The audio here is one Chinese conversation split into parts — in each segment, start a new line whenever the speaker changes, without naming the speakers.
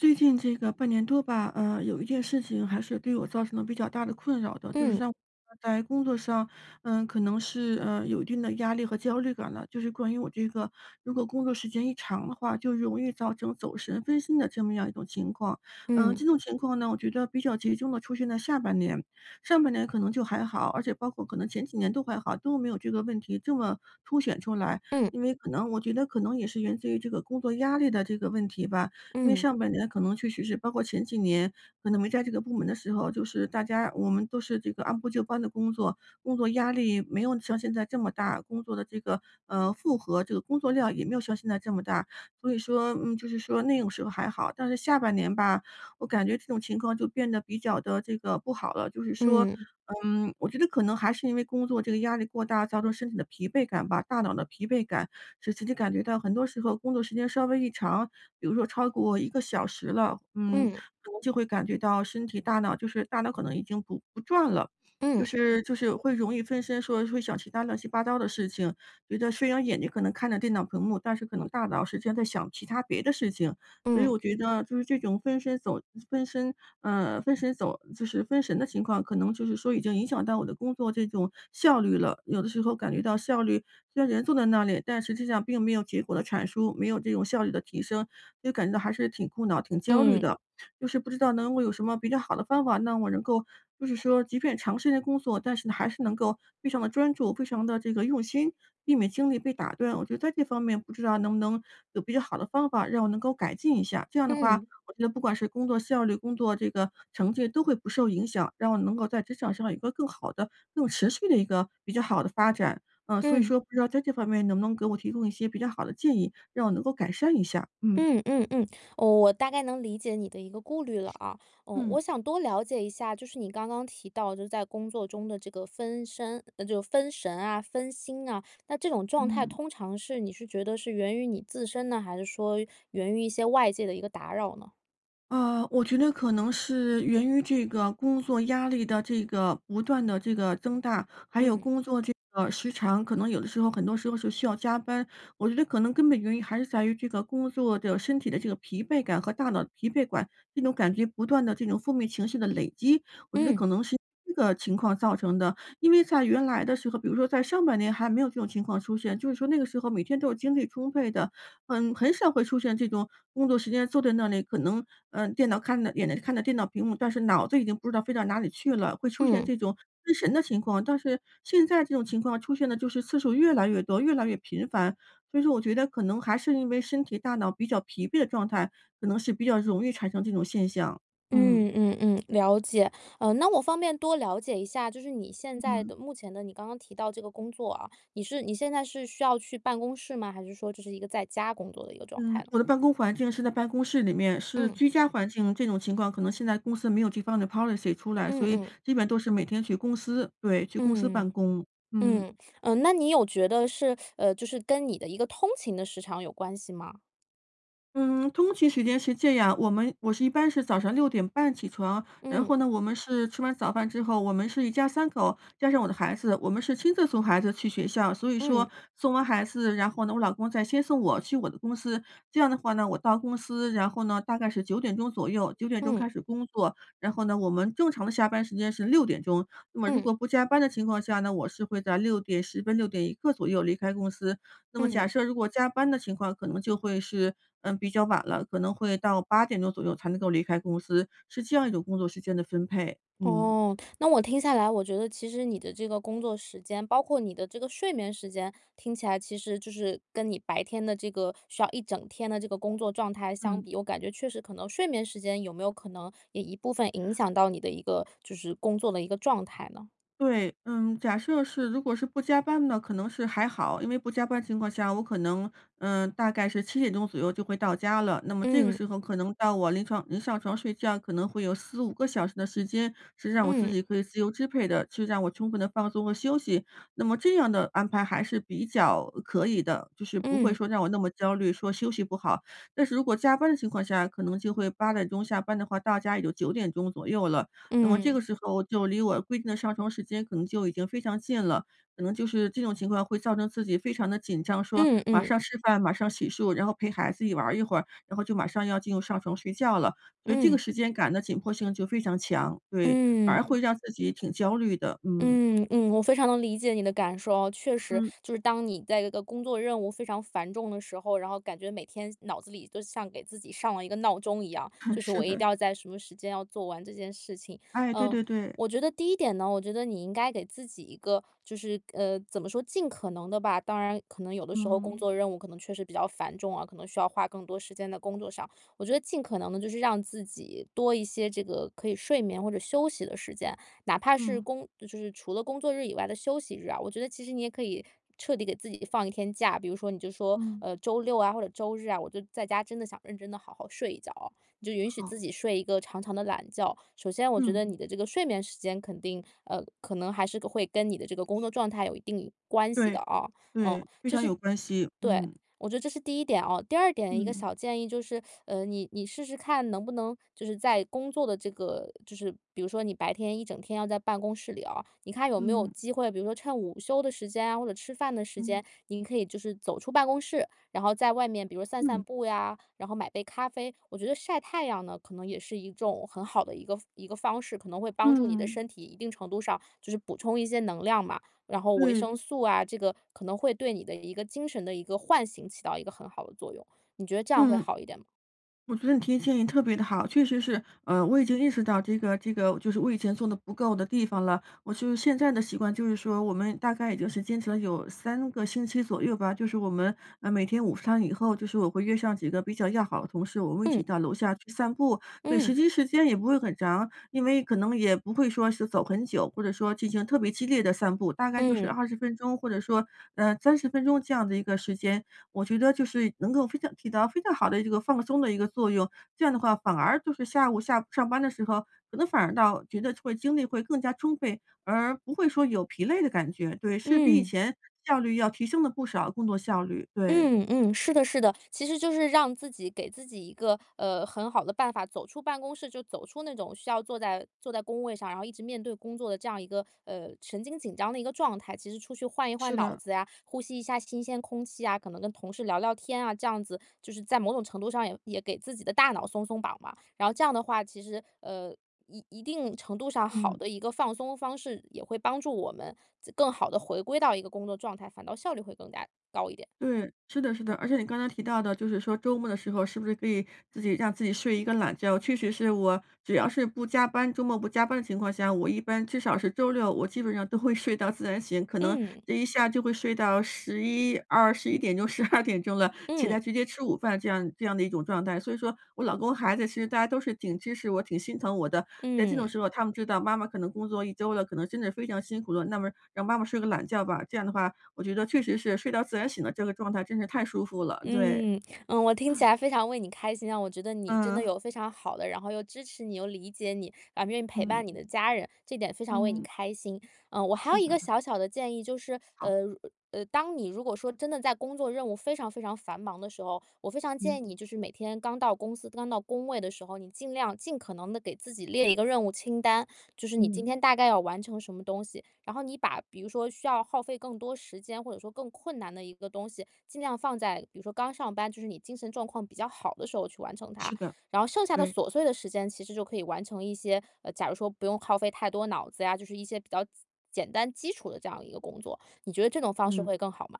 最近这个半年多吧，呃，有一件事情，还是对我造成了比较大的困扰的，就是
嗯。
像呃，在工作上，呃，可能是，呃，有一定的压力和焦虑感了。就是关于我这个如果工作时间一长的话，就容易造成走神、分心的这么样一种情况。呃，
嗯。
这种情况呢，我觉得比较集中的出现在下半年，上半年可能就还好，而且包括可能前几年都还好，都没有这个问题这么凸显出来。
嗯。
因为可能我觉得可能也是源自于这个工作压力的这个问题吧，因为
嗯。
上半年可能确实是包括前几年，可能没在这个部门的时候，就是大家我们都是这个按部就班地工作，工作压力没有像现在这么大，工作的这个，呃，负荷，这个工作量也没有像现在这么大。所以说，嗯，就是说那种时候还好，但是下半年吧，我感觉这种情况就变得比较地这个不好了，就是说，
嗯。
嗯，我觉得可能还是因为工作这个压力过大，造成身体的疲惫感吧、大脑的疲惫感，使自己感觉到很多时候工作时间稍微一长，比如说超过1个小时了，嗯，
嗯。
可能就会感觉到身体、大脑就是大脑可能已经不不转了，就
嗯。
是就是有会容易分神，说会想其它乱七八糟的事情。觉得虽然眼睛可能看着电脑屏幕，但是可能大脑实际上在想其它别的事情。所以
嗯。
我觉得，就是这种分身走分身呃，分神走就是分神的情况，可能就是说已经影响到我的工作这种效率了。有的时候感觉到效率虽然人坐在那里，但实际上并没有结果的产出，没有这种效率的提升，就感觉到还是挺苦恼、挺焦虑
嗯。
的。就是不知道能够有什么比较好的方法，让我能够就是说即便长时间工作，但是还是能够非常地专注、非常地这个用心，避免精力被打断，我觉得在这方面，不知道能不能有比较好的方法，让我能够改进一下？这样的话，
嗯。
我觉得不管是工作效率、工作这个成绩都会不受影响，让我能够在职场上有一个更好的、更持续的一个比较好的发展，啊，所以
嗯。
说不知道在这方面，你能不能给我提供一些比较好的建议，让我能够改善一下？嗯。
嗯嗯嗯，我我大概能理解你的一个顾虑了啊，嗯，我
嗯。
想多了解一下，就是你刚刚提到，就是在工作中的这个分身呃，就分神啊、分心啊，那这种状态
嗯。
通常是你是觉得是源于你自身呢？还是说源于一些外界的一个打扰呢？
呃，我觉得可能是源于这个工作压力的这个不断地这个增大，还有
嗯。
工作这个时长，可能有的时候很多时候是需要加班，我觉得可能根本原因，还是在于这个工作的身体的这个疲惫感和大脑的疲惫感，这种感觉不断地这种负面情绪的累积，我觉得
嗯。
可能是这个情况造成的。因为在原来的时候，比如说在上半年，还没有这种情况出现，就是说那个时候，每天都精力充沛的。嗯，很少会出现这种工作时间，坐在那里，可能呃，电脑看着眼睛看着电脑屏幕，但是脑子已经不知道飞到哪里去了，会出现
嗯。
这种失神的情况。但是现在这种情况，出现的就是次数越来越多，越来越频繁，所以说我觉得，可能还是因为身体、大脑比较疲惫的状态，可能是比较容易产生这种现象，嗯。
嗯嗯嗯，了解。呃，那我方便多了解一下，就是你现在
嗯。
的目前的，你刚刚提到这个工作啊，你是你现在是需要去办公室吗？还是说，就是一个在家工作的一个状态
嗯，
呢？
我的办公环境是在办公室里面。是
嗯。
居家环境，这种情况可能现在公司没有这方的 policy 出来，
嗯
所以
嗯。
基本都是每天去公司。对，去公司办
嗯，
公。嗯。
嗯，呃，那你有觉得是呃，就是跟你的一个通勤的时长有关系吗？
嗯，通勤时间是这样，我们我是一般是早上6点半起床，然
嗯。
后呢，我们是吃完早饭之后，我们是一家3口加上我的孩子，我们是亲自送孩子去学校。所以说
嗯。
送完孩子，然后呢，我老公再先送我，去我的公司。这样的话呢，我到公司，然后呢，大概是9点钟左右9点钟
嗯。
开始工作。然后呢，我们正常的下班时间是6点钟。那么如
嗯。
果不加班的情况下呢，我是会在6点10分、6点一刻左右离开公司，那么假
嗯。
设如果加班的情况，可能就会是，嗯，比较晚了，可能会到8点钟左右才能够离开公司，是这样一种工作时间的分配，嗯。
哦，那我听下来，我觉得其实你的这个工作时间，包括你的这个睡眠时间，听起来其实就是跟你白天的这个需要一整天的这个工作状态相
嗯。
比，我感觉确实可能睡眠时间，有没有可能也一部分影响到你的一个就是工作的一个状态呢？
对，嗯，假设是如果是不加班呢，可能是还好。因为不加班情况下，我可能，嗯，大概是7点钟左右就会到家了，那么这个
嗯。
时候，可能到我临床临上床睡觉，可能会有4-5个小时的时间，是让我自
嗯。
己可以自由支配的，就让我充分地放松和休息。那么这样的安排还是比较，呃，可以的，就是不会
嗯。
说让我那么焦虑，说休息不好。但是如果加班的情况下，可能就会8点钟下班的话，到家也就9点钟左右了，那么这
嗯。
个时候我就离我规定的上床时间，可能就已经非常近了，可能就是这种情况，会造成自己非常地紧张，说
嗯
马
嗯。
上吃饭、马上洗漱，然后陪孩子一玩一会儿，然后就马上要进入上床睡觉了。所以这个
嗯。
时间感的紧迫性就非常强。对，反而
嗯。
会让自己挺焦虑的，嗯。
嗯嗯，我非常能理解你的感受啊。确实，
嗯。
就是当你在一个工作任务非常繁重的时候，然后感觉每天脑子里，都像给自己上了一个闹钟一样，就 是我
是
一
的。
定要在什么时间，要做完这件事情。
哎，对
呃，
对对。
我觉得第一点呢，我觉得你应该给自己一个，就是呃，怎么说，尽可能的吧，当然可能有的时候工
嗯。
作任务，可能确实比较繁重啊，可能需要花更多时间在工作上。我觉得尽可能的就是让自己，多一些这个可以睡眠，或者休息的时间，哪怕是
嗯。
工就就是除了工作日以外的休息日啊，我觉得其实你也可以彻底给自己放一天假。比如说，你就说，
嗯。
呃，周六啊或者周日啊，我就在家，真的想认真地好好睡一觉哦，你就允许自
好。
己睡一个长长的懒觉。首先，我觉得
嗯。
你的这个睡眠时间肯定呃，可能还是会跟你的这个工作状态，有一定关系的
对，
哦。嗯，这是
对，非常有关系，
对，
嗯。
我觉得这是第一点哦。第二点，一个
嗯。
小建议就是，呃，你你试试看能不能就是在工作的这个就是比如说你白天一整天要在办公室里哦，你看有没有
嗯。
机会，比如说趁午休的时间啊，或者吃饭的时
嗯。
间，您可以就是走出办公室，然后在外面比如散散
嗯。
步呀，然后买杯咖啡。我觉得晒太阳呢，可能也是一种很好的一个一个方式，可能会帮助你的
嗯。
身体，一定程度上就是补充一些能量嘛，然后维
对。
生素啊，这个可能会对你的一个精神的一个唤醒，起到一个很好的作用，你觉得这样会
嗯。
好一点吗？
我觉得你提的建议特别地好，确实是。呃，我已经意识到，这个这个就是我以前做得不够的地方了。我就是现在的习惯，就是说我们大概也就是坚持了有3个星期左右吧，就是我们，呃，每天午餐以后，就是我会约上几个比较要好的同事，我们会一
嗯。
起到楼下去散步。对，实
嗯。
际时间也不会很长，因为可能也不会说是走很久，或者说进行特别激烈的散步，大概就是
嗯。
20分钟或者说，呃，30分钟这样的一个时间。我觉得就是能够非常起到非常好的一个放松的一个作用，这样的话，反而就是下午下上班的时候，可能反而倒觉得会精力会更加充沛，而不会说有疲累的感觉。对，是比以
嗯。
前效率要提升了不少工作效率，对。
嗯嗯，是的是的，其实就是让自己给自己一个，呃，很好的办法，走出办公室，就走出那种需要坐在坐在工位上，然后一直面对工作的这样一个，呃，神经紧张的一个状态。其实出去换一换
是
脑
的。
子呀，呼吸一下新鲜空气啊，可能跟同事聊聊天啊，这样子，就是在某种程度上，也也给自己的大脑松松绑吧。然后这样的话，其实，呃，一一定程度上，好
嗯。
的一个放松方式，也会帮助我们自更好地回归到一个工作状态，反倒效率会更加高一点。
对，是的是的，而且你刚才提到的，就是说周末的时候，是不是可以自己让自己睡一个懒觉。确实是我只要是不加班周末不加班的情况下，我一般至少是周六，我基本上都会睡到自然醒，可能
嗯。
这一下就会睡到11-1211点钟、12点钟了。起
嗯。
来直接吃午饭，这样这样的一种状态，所以说，我老公孩子，其实大家都是挺支持我、挺心疼我的，在这种
嗯。
时候，他们知道妈妈可能工作1周了，可能真的非常辛苦了，那么让妈妈睡个懒觉吧。这样的话，我觉得确实是睡到自然醒了，这个状态真是太舒服了，对。
嗯，嗯，我听起
啊。
来非常为你开心啊，我觉得你真的
嗯。
有非常好的，然后又支持你、又理解你，啊，愿意陪
嗯。
伴你的家人，这点非常为你
嗯。
开心。呃，我还有
是
一个
的。
小小的建议，就是，
好。
呃，呃，当你如果说真的在工作任务非常非常繁忙的时候，我非常建
嗯。
议你就是每天刚到公司、刚到工位的时候，你尽量尽可能地给自己列一个任务清单。就是你今
嗯。
天大概要完成什么东西，然后你把比如说需要耗费更多时间，或者说更困难的一个东西，尽量放在比如说刚上班，就是你精神状况比较好的时候，去完成它。
是的，
然后剩下的
对。
琐碎的时间，其实就可以完成一些呃，假如说不用耗费太多脑子呀，就是一些比较简简单基础的这样一个工作，你觉得这种方式
嗯。
会更好吗？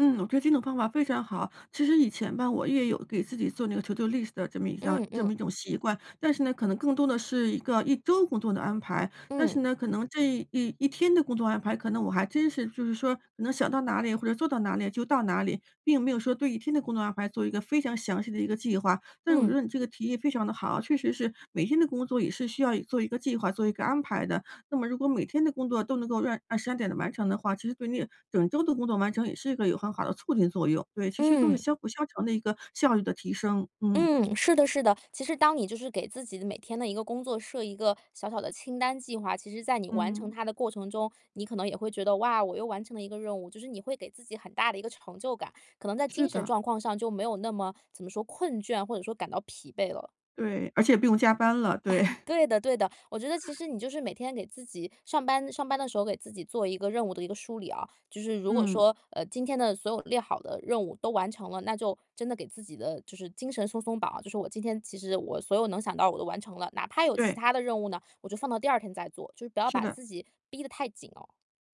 嗯，我觉得这个方法非常好。其实以前吧，我也有给自己做那个 to do list 的这么一张
嗯
这
嗯。
么一种习惯，但是呢，可能更多的是一个1周工作的安排。但是
嗯。
呢，可能这11天的工作安排，可能我还真是就是说，可能想到哪里，或者做到哪里就到哪里，并没有说对1天的工作安排，做一个非常详细的一个计划。但是我觉
嗯。
得你这个提议非常地好，确实是每天的工作，也是需要一做一个计划、做一个安排的，那么如果每天的工作，都能够按按时、按点地完成的话，其实对你整周的工作完成，也是一个有很好的促进作用。对，其实都是
嗯。
相辅相成的一个效率的提升，嗯。
嗯，是的是的。其实当你就是给自己的每天的一个工作设一个小小的清单计划，其实在你完成
嗯。
它的过程中，你可能也会觉得：“哇，我又完成了一个任务。”就是你会给自己很大的一个成就感，可能在
是
精神
的。
状况上，就没有那么怎么说，困倦或者说感到疲惫了。
对，而且不用加班了，对。
哎，对的对的，我觉得其实你就是每天给自己上班上班的时候，给自己做一个任务的一个梳理啊，就是如果
嗯。
说，呃，今天的所有列好的任务都完成了，那就真的给自己的就是精神松松绑，就是我今天其实我所有能想到的我都完成了，哪怕有其
对。
他的任务呢，我就放到第2天再做，就是不要
是
把
的。
自己逼得太紧哦。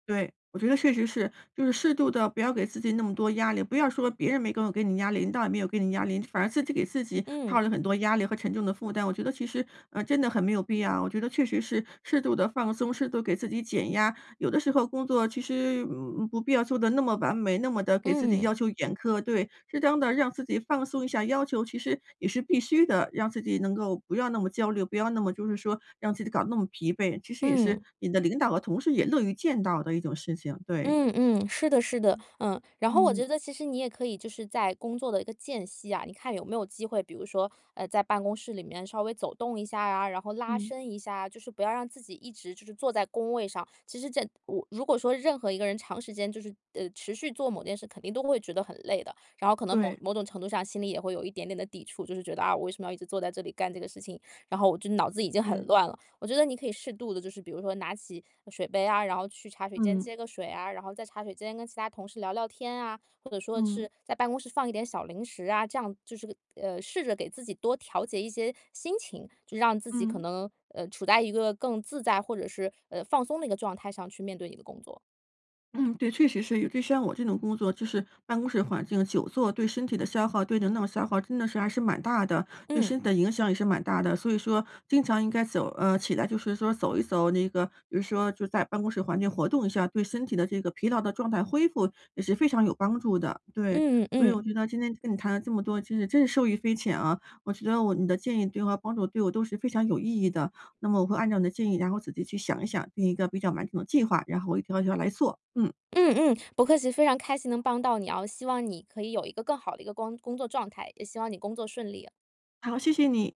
对，我觉得确实是，就是适度地，不要给自己那么多压力，不要说别人没各种给你压力，领导也没有给你压力，反而自己给自己套
嗯。
了很多压力和沉重的负担，我觉得其实，呃，真的很没有必要。我觉得确实是适度地放松，适度给自己减压，有的时候工作其实，嗯，不不必要做得那么完美，那么地给自己要
嗯。
求严苛对，适当地让自己放松一下要求，其实也是必须的，让自己能够不要那么焦虑，不要那么就是说让自己搞得那么疲惫，其实也是
嗯。
你的领导和同事也乐于见到的一种事情，对。
嗯嗯，是的是的。
嗯
嗯，然后我
嗯。
觉得其实你也可以就是在工作的一个间隙啊，你看有没有机会，比如说，呃，在办公室里面稍微走动一下啊，然后拉
嗯。
伸一下啊，就是不要让自己一直就是坐在工位上。其实这我如果说任何一个人长时间就是，呃，持续做某件事，肯定都会觉得很累的，然后可能某
对。
某种程度上心里也会有一点点的抵触，就是觉得啊，我为什么要一直坐在这里干这个事情，然后我就脑子已经很
嗯。
乱了。我觉得你可以适度地就是比如说拿起，呃，水杯啊，然后去茶水间
嗯。
接个水啊，然后在茶水间跟其他同事聊聊天啊，或者说
嗯。
是在办公室放一点小零食啊，这样就是，呃，试着给自己多调节一些心情，就让自己可
嗯。
能，呃，处在一个更自在或者是，呃，放松的一个状态上去面对你的工作
嗯，对，确实是有，就像我这种工作就是办公室环境久坐，对身体的消耗，对人脑消耗真的是还是蛮大的，对身
嗯。
体的影响也是蛮大的，所以说经常应该走呃，起来就是说走一走那个比如说就在办公室环境活动一下，对身体的这个疲劳的状态恢复也是非常有帮助的，对。
嗯
所以我
嗯。
觉得今天跟你谈了这么多，其实真是受益匪浅啊，我觉得我们的建议对我帮助对我都是非常有意义的，那么我会按照你的建议，然后自己去想一想，定一个比较完整的计划，然后我一条儿一条儿来做，嗯。
嗯嗯，不客气，非常开心能帮到你哦，希望你可以有一个更好的一个工工作状态，也希望你工作顺利。
好，谢谢你。